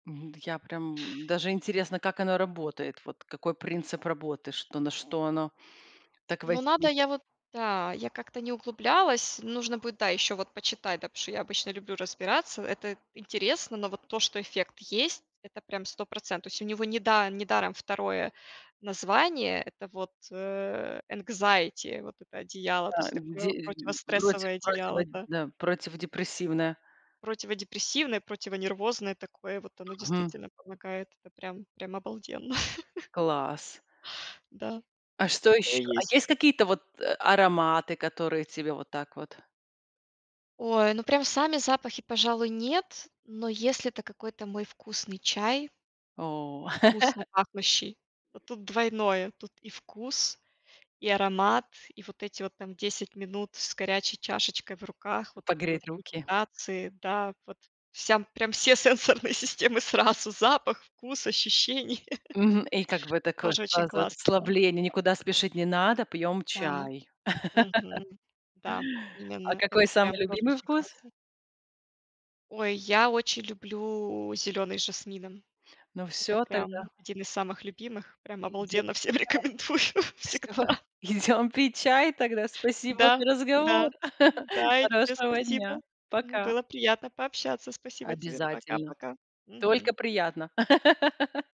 М, д я прям, даже интересно, как оно работает. Вот, какой принцип работы. Что на что оно так Ну надо воздей я вот Да, я как-то не углублялась, нужно будет, да, еще вот почитать, да, потому что я обычно люблю разбираться, это интересно, но вот то, что эффект есть- это прям 100 процен то есть у него не да не даром второе название- это вот, э, энкзаити, вот это одеяло, то Да, есть де такое, проти противострессовое противо одеяло, да. да, противодепрессивная. Противодепрессивное, противонервозное такое вот, оно Мгм. действительно помогает, это прям прям обалденно! Класс. Да, А что такое еще? А есть. есть какие-то вот а ароматы, которые тебе вот так вот? Ой, ну прям сами запахи, пожалуй, нет, но если это какой-то мой вкусный чай О! вкусно пахнущий, то тут двойное: тут и вкус, и аромат, и вот эти вот, там, 10 минут с горячей чашечкой в руках, вот это вот, Погреть руки? медитации, да, вот всям прям все сенсорные системы сразу, запах, вкус, ощущение. Мгм, и, как бы, такое Тоже очень сразу классно, да. расслабление, никуда спешить не надо, пьем Да, чай. Мгм, да. А Именно, это какой прям самый тоже любимый очень вкус? классно. Ой, я очень люблю зеленый с жасмином, Ну это всё прям тогда. один из самых любимых, прям Идем пить чай. обалденно всем рекомендую Всё, всегда. идем пить чай тогда. Спасибо Да, за разговор. да, да, и тебе Хорошего дня. спасибо, м, Пока. было приятно пообщаться, спасибо тебе, Обязательно. пока-пока. Только Мгм. приятно.